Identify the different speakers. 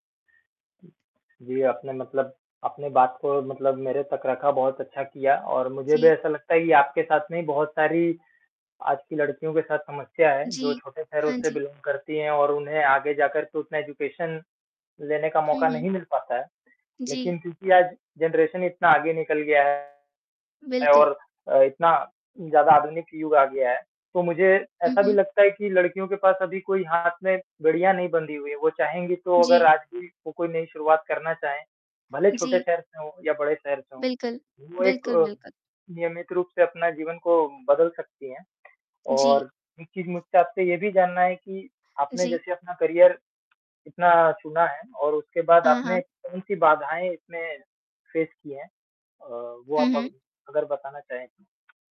Speaker 1: जी, आपने मतलब अपने बात को मतलब मेरे तक रखा, बहुत अच्छा किया। और मुझे भी
Speaker 2: जी।
Speaker 1: ऐसा लगता है कि आपके साथ में बहुत सारी आज की लड़कियों के साथ समस्या है, जो
Speaker 2: जी,
Speaker 1: छोटे शहरों
Speaker 2: हाँ
Speaker 1: से
Speaker 2: जी।
Speaker 1: बिलोंग करती है और उन्हें आगे जाकर तो उतना एजुकेशन लेने का
Speaker 2: हुँ,
Speaker 1: मौका
Speaker 2: हुँ।
Speaker 1: नहीं मिल पाता है। लेकिन
Speaker 2: जी।
Speaker 1: क्योंकि आज जनरेशन इतना आगे निकल गया है
Speaker 2: बिल्कुल।
Speaker 1: और अ, इतना ज़्यादा आधुनिक युग आ गया है, तो मुझे
Speaker 2: हुँ,
Speaker 1: ऐसा भी
Speaker 2: हुँ।
Speaker 1: लगता है कि लड़कियों के पास अभी कोई हाथ में बेड़िया नहीं बंधी हुई है, वो चाहेंगी तो अगर
Speaker 2: जी।
Speaker 1: आज भी वो कोई नई शुरुआत करना चाहे, भले छोटे
Speaker 2: जी।
Speaker 1: शहर से हो या बड़े शहर से हो,
Speaker 2: बिल्कुल,
Speaker 1: वो एक
Speaker 2: बिल्कुल,
Speaker 1: अ,
Speaker 2: बिल्कुल।
Speaker 1: नियमित रूप से अपना जीवन को बदल सकती है।
Speaker 2: जी।
Speaker 1: और एक चीज़ मुझसे आपसे ये भी जानना है कि आपने
Speaker 2: जी।
Speaker 1: जैसे अपना करियर इतना चुना है और उसके बाद
Speaker 2: हाँ,
Speaker 1: आपने
Speaker 2: हाँ।
Speaker 1: कौन सी बाधाएँ इसमें फेस की है? अ, वो
Speaker 2: हुँ,
Speaker 1: आप अग
Speaker 2: हुँ।
Speaker 1: अगर बताना चाहे तो?